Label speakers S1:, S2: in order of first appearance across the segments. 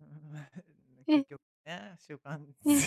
S1: うーん、
S2: え。
S1: 結局ね、習慣。
S2: ね。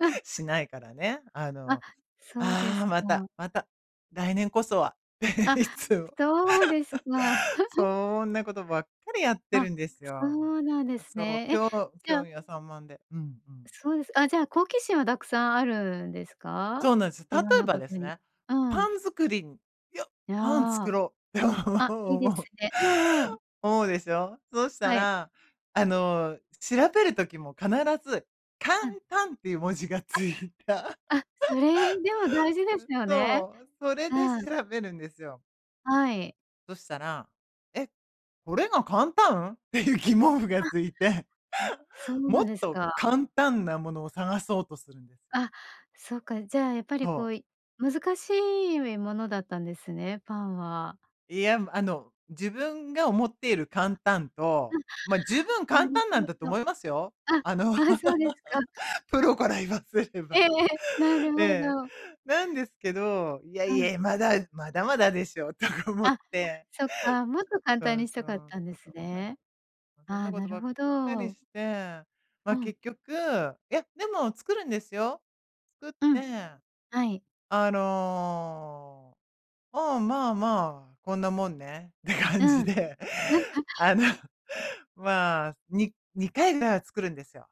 S2: うん。
S1: しないからね。あ
S2: あ、
S1: の、
S2: そうで
S1: あ
S2: す
S1: あ、また
S2: か。
S1: また、来年こそは
S2: あ、
S1: いつも。
S2: そうですか。
S1: そんなことばっかりやって
S2: あ、
S1: るんです
S2: そ
S1: よ。
S2: うなんです
S1: そう、
S2: ね。
S1: き
S2: え、
S1: ょ
S2: じゃ
S1: 興
S2: あ
S1: 味が散漫でうんうん。
S2: そうです。あ、じゃあ、好奇心はたくさんあるんですか？
S1: そうなんです。例
S2: いろん
S1: え
S2: な
S1: ば
S2: こ
S1: で
S2: と
S1: す
S2: に
S1: ね、
S2: う
S1: パ
S2: ん。
S1: ン作りに、いや、
S2: いや、
S1: パン作ろうって
S2: あ、いいで
S1: 思
S2: す
S1: う。
S2: ね。うんうん。
S1: 思うでしょ。そした
S2: はい。
S1: ら、あの、調べる時も必ず、簡
S2: うん。
S1: 単っていう文字がついた。
S2: あ、あ、それ、でも大事です よ
S1: うん、そ
S2: ね。
S1: う、それ
S2: う
S1: で
S2: ん。
S1: 調べるんですよ。
S2: はい。
S1: そしたら「え、これが簡単」っていう疑問符が
S2: あ。
S1: ついて。
S2: そうな
S1: も
S2: ん
S1: っ
S2: です
S1: と
S2: か。
S1: 簡単なものを探そうとするんです。
S2: あ、そっか、じゃあやっぱ
S1: そ
S2: りこ
S1: う。
S2: うい難しいものだったんですね、パンは。
S1: いや、あの自分が思っている
S2: あ、
S1: 簡単と、ま、十分
S2: あ、な
S1: 簡
S2: る
S1: 単
S2: ほ
S1: なんだと
S2: ど。
S1: 思いますよ。
S2: あ、
S1: あの
S2: ああそうですか。
S1: プロから言わせれ
S2: ええ
S1: ば。
S2: ええ、なるほ
S1: ええ。
S2: ど。
S1: なんですけど「いや
S2: う
S1: い
S2: ん。
S1: や、まだ、まだまだでしょ」とか思っ
S2: あ、
S1: て。
S2: そっか、もっと簡単
S1: そう
S2: にし
S1: そ
S2: たかっ
S1: う、
S2: たんです
S1: そうなん。
S2: ね。
S1: そん
S2: あ
S1: な
S2: あ、
S1: こ
S2: な
S1: と
S2: る
S1: ばっ
S2: ほ
S1: かり
S2: ど。
S1: して、ま
S2: う
S1: あ、
S2: ん。
S1: 結局いや、でも作るんですよ。作っ
S2: う
S1: て。
S2: ん、はい。
S1: あの「あ、まあまあ、こんなもんね」って
S2: う
S1: 感じ
S2: ん。
S1: で。
S2: なんか
S1: あの まあ、に2回は作るんですよ。